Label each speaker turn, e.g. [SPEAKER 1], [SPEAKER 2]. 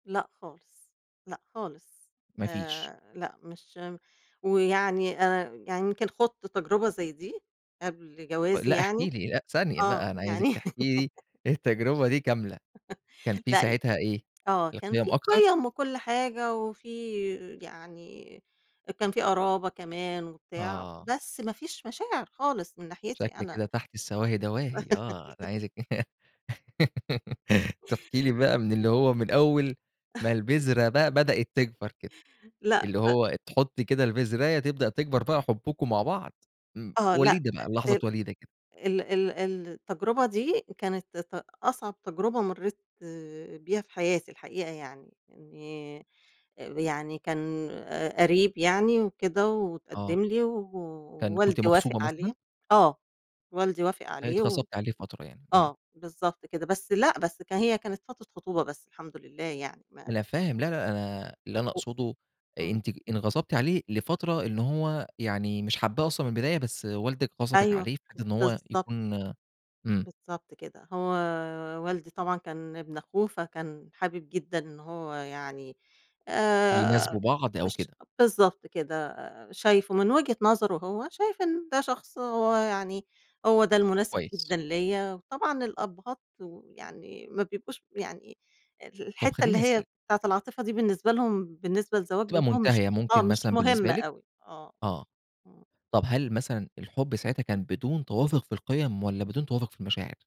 [SPEAKER 1] لأ خالص. لأ خالص.
[SPEAKER 2] ما فيش.
[SPEAKER 1] آآ لأ مش م ويعني أنا يعني يمكن خُضت تجربة زي دي قبل
[SPEAKER 2] و
[SPEAKER 1] جوازي
[SPEAKER 2] لأ احكِ
[SPEAKER 1] يعني
[SPEAKER 2] لي، لأ ثانية
[SPEAKER 1] آه.
[SPEAKER 2] بقى، أنا عايزِك
[SPEAKER 1] يعني
[SPEAKER 2] تحكي لي التجربة دي كاملة كان فيه
[SPEAKER 1] لأ ي
[SPEAKER 2] ساعتها إيه؟
[SPEAKER 1] آه. كان
[SPEAKER 2] القِيَم
[SPEAKER 1] فيه
[SPEAKER 2] أكتر؟
[SPEAKER 1] قِيَم وكل حاجة، وفيه يعني كان في قرابة كمان وبتاع،
[SPEAKER 2] آه.
[SPEAKER 1] بس ما فيش مشاعر خالص من ناحيتي
[SPEAKER 2] شكل
[SPEAKER 1] أنا
[SPEAKER 2] كده تحت
[SPEAKER 1] آه.
[SPEAKER 2] السواهي دواهي آه. أنا عايزِك تحكي لي بقى من اللي هو من أول ما البذرة بقى بدأت تكبر كده.
[SPEAKER 1] لأ
[SPEAKER 2] اللي
[SPEAKER 1] ف
[SPEAKER 2] هو تحُطّي كده البزراية تبدأ تكبر بقى حُبُّكم مع بعض امم
[SPEAKER 1] آه. لأ
[SPEAKER 2] وليدة بقى، لحظات
[SPEAKER 1] [unintelligible]
[SPEAKER 2] وليدة كده.
[SPEAKER 1] ال ال ال التجربة دي كانت ت أصعب تجربة مرّيت بيها في حياتي الحقيقة يعني. إنّي آآ يعني كان ق قريّب يعني، وكده
[SPEAKER 2] آه.
[SPEAKER 1] واتقدّم لي و
[SPEAKER 2] كان كنتِ
[SPEAKER 1] ووالدي وافق
[SPEAKER 2] مغصوبة مثلًا؟
[SPEAKER 1] عليه آه. والدي وافق عليه و
[SPEAKER 2] اتغصبتِ عليه فترة يعني إمم.
[SPEAKER 1] آه، بالضبط كده. بس لأ، بس ك هي كانت فترة خطوبة بس الحمد لله يعني ما
[SPEAKER 2] أنا فاهم. لا، لأ أنا اللي أنا
[SPEAKER 1] و
[SPEAKER 2] أقصده
[SPEAKER 1] إمم.
[SPEAKER 2] أنتِ انغصبتِ عليه لفترة إن هو يعني مش حابّاه أصلًا من البداية بس والدِك غصبِك
[SPEAKER 1] أيوه.
[SPEAKER 2] عليه بحيث إن هو
[SPEAKER 1] بالضبط.
[SPEAKER 2] يكون إمم.
[SPEAKER 1] بالضبط كده. هو والدي طبعًا كان ابن أخوه فكان حابب جدًا إن هو يعني آآ
[SPEAKER 2] يناسبوا بعض أو
[SPEAKER 1] اش
[SPEAKER 2] كده.
[SPEAKER 1] بالضبط كده. آآ شايفه من وجهة نظره هو، شايف إن ده شخص هو يعني هو ده المناسب
[SPEAKER 2] كويس.
[SPEAKER 1] جدًا ليّا، وطبعًا الأبّهات ويعني ما بيبقوش يعني أ
[SPEAKER 2] طب
[SPEAKER 1] الحتّة اللي
[SPEAKER 2] خلّيني
[SPEAKER 1] هي
[SPEAKER 2] أسأل
[SPEAKER 1] بتاعة العاطفة دي بالنسبة لهم، بالنسبة لزواج
[SPEAKER 2] بتبقى
[SPEAKER 1] بنتهم مش
[SPEAKER 2] مُنتهية
[SPEAKER 1] آه.
[SPEAKER 2] ممكن
[SPEAKER 1] مش
[SPEAKER 2] مثلًا بالنسبة
[SPEAKER 1] مهمة
[SPEAKER 2] لِك؟
[SPEAKER 1] أوي آه. آه.
[SPEAKER 2] آه.
[SPEAKER 1] آه.
[SPEAKER 2] طب هل مثلًا الحُب ساعتها كان بدون توافُق في القِيَم والّا بدون توافُق في المشاعر؟